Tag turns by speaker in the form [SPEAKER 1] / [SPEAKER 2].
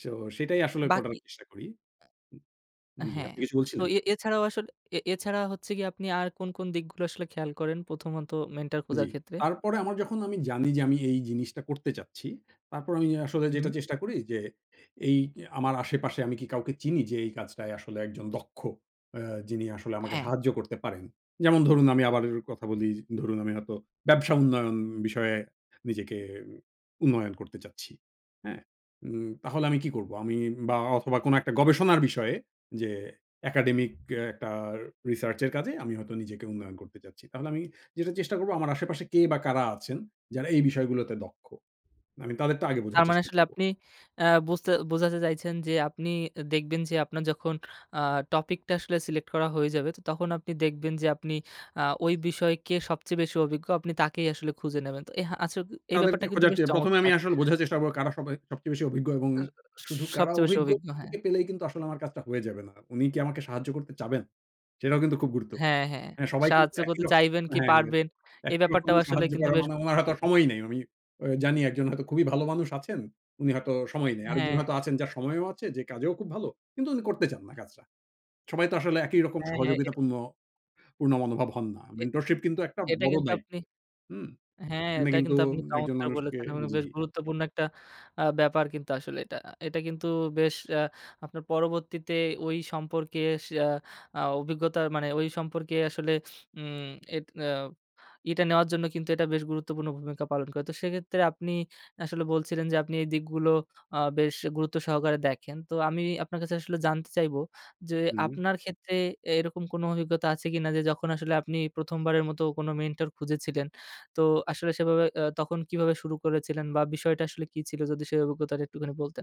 [SPEAKER 1] So সেটাই আসলে করার
[SPEAKER 2] বাকি
[SPEAKER 1] চেষ্টা করি। হু জি
[SPEAKER 2] হ্যাঁ।
[SPEAKER 1] আপনি কিছু
[SPEAKER 2] তো
[SPEAKER 1] বলছিলেন?
[SPEAKER 2] এ এছাড়াও আসলে এ এছাড়া হচ্ছে গিয়ে আপনি আর কোন, কোন দিকগুলো আসলে খেয়াল করেন প্রথমত মেন্টর খোঁজার
[SPEAKER 1] জি।
[SPEAKER 2] ক্ষেত্রে?।
[SPEAKER 1] তারপরে আমার যখন আমি জানি যে, আমি এই জিনিসটা করতে চাচ্ছি তারপর আমি আসলে যেটা
[SPEAKER 2] হুম।
[SPEAKER 1] চেষ্টা করি যে এই আমার আশেপাশে আমি কি কাউকে চিনি যে এই কাজটায় আসলে একজন দক্ষ। আ যিনি আসলে আমাকে
[SPEAKER 2] হ্যাঁ।
[SPEAKER 1] সাহায্য করতে পারেন। যেমন ধরুন আমি আবার কথা বলি, ধরুন আমি হয়তো ব্যবসা উন্নয়ন বিষয়ে নিজেকে উন্নয়ন করতে চাচ্ছি। হ্যাঁ? উম তাহলে আমি কি করব? আমি বা অথবা কোন একটা গবেষণার বিষয়ে যে একাডেমিক কে একটা রিসার্চ এর কাজে আমি হয়তো নিজেকে উন্নয়ন করতে চাচ্ছি। তাহলে আমি যেটা চেষ্টা করব আমার আশেপাশে কে বা কারা আছেন যারা এই বিষয়গুলোতে দক্ষ। মানে তাদের টা আগে বোঝার
[SPEAKER 2] তার মানে
[SPEAKER 1] চেষ্টা
[SPEAKER 2] আসলে
[SPEAKER 1] করব।
[SPEAKER 2] আপনি আ বুঝতে বোঝাতে চাইছেন যে আপনি দেখবেন যে আপনার যখন আ টপিকটা আসলে সিলেক্ট করা হয়ে যাবে তখন আপনি দেখবেন যে আপনি আ ওই বিষয়কে সবচেয়ে বেশি অভিজ্ঞ। আপনি তাকেই আসলে খুঁজে নেবেন। তো এ হা আচ্ছা এই
[SPEAKER 1] তাদেরকে
[SPEAKER 2] ব্যাপারটা কিন্তু
[SPEAKER 1] খোঁজার
[SPEAKER 2] বেশ
[SPEAKER 1] চেয়ে প্রথমে আমি
[SPEAKER 2] চমৎকার।।
[SPEAKER 1] আসলে বোঝার চেষ্টা করবো কারা সবাই সবচেয়ে বেশি অভিজ্ঞ এবং শুধু কারা
[SPEAKER 2] সবচেয়ে বেশি অভিজ্ঞ হ্যাঁ।
[SPEAKER 1] অভিজ্ঞকে পেলেই কিন্তু আসলে আমার কাজটা হয়ে যাবে না। উনি কি আমাকে সাহায্য করতে চাবেন? সেটাও কিন্তু খুব গুরুত্বপূর্ণ।
[SPEAKER 2] হ্যাঁ, হ্যাঁ।
[SPEAKER 1] মানে সবাই কিন্তু
[SPEAKER 2] সাহায্য
[SPEAKER 1] একই
[SPEAKER 2] করতে
[SPEAKER 1] রকম
[SPEAKER 2] চাইবেন কি
[SPEAKER 1] হ্যাঁ
[SPEAKER 2] পারবেন এই
[SPEAKER 1] একই রকম
[SPEAKER 2] ব্যাপারটাও আসলে
[SPEAKER 1] সাহায্য
[SPEAKER 2] কিন্তু
[SPEAKER 1] করার
[SPEAKER 2] বেশ
[SPEAKER 1] মানে উনার হয়তো
[SPEAKER 2] গুরুত্বপূর্ণ।
[SPEAKER 1] সময় নেই। আমি আ জানি একজন হয়তো খুবই ভালো মানুষ আছেন, উনি হয়তো সময় নেই। আরেকজন
[SPEAKER 2] হ্যাঁ।
[SPEAKER 1] হয়তো আছেন যার সময়ও আছে যে কাজেও খুব ভালো কিন্তু উনি করতে চান না কাজটা। সবাই তো আসলে একই রকম
[SPEAKER 2] হ্যাঁ, হ্যাঁ এটা
[SPEAKER 1] সহযোগিতাপূর্ণ পূর্ণ মনোভাব হন না।
[SPEAKER 2] এ
[SPEAKER 1] মেন্টরশিপ কিন্তু একটা
[SPEAKER 2] এটা
[SPEAKER 1] বড়
[SPEAKER 2] কিন্তু
[SPEAKER 1] দায়িত্ব।
[SPEAKER 2] আপনি
[SPEAKER 1] হুম,
[SPEAKER 2] হ্যাঁ
[SPEAKER 1] উনি
[SPEAKER 2] এটা
[SPEAKER 1] কিন্তু
[SPEAKER 2] কিন্তু আপনি
[SPEAKER 1] একজন
[SPEAKER 2] চমৎকার
[SPEAKER 1] মানুষকে
[SPEAKER 2] বলেছেন এ মানে
[SPEAKER 1] জি।
[SPEAKER 2] বেশ গুরুত্বপূর্ণ একটা আ ব্যাপার কিন্তু আসলে এটা আ এটা কিন্তু বেশ আ আপনার পরবর্তীতে ওই সম্পর্কেস আ অভিজ্ঞতা মানে ওই সম্পর্কে আসলে উম এট আ এটা নেওয়ার জন্য কিন্তু এটা বেশ গুরুত্বপূর্ণ ভূমিকা পালন করে। তো সেক্ষেত্রে আপনি আসলে বলছিলেন যে, আপনি এই দিকগুলো আ বেশ গুরুত্ব সহকারে দেখেন। তো আমি আপনার কাছে আসলে জানতে চাইবো যে
[SPEAKER 1] হুম।
[SPEAKER 2] আপনার ক্ষেত্রে এ এরকম কোন অভিজ্ঞতা আছে কিনা যে যখন আসলে আপনি প্রথমবারের মতো কোন মেন্টর খুঁজেছিলেন তো আসলে সেভাবে আ তখন কিভাবে শুরু করেছিলেন বা বিষয়টা আসলে কি ছিল যদি সেই অভিজ্ঞতাটা একটুখানি বলতেন?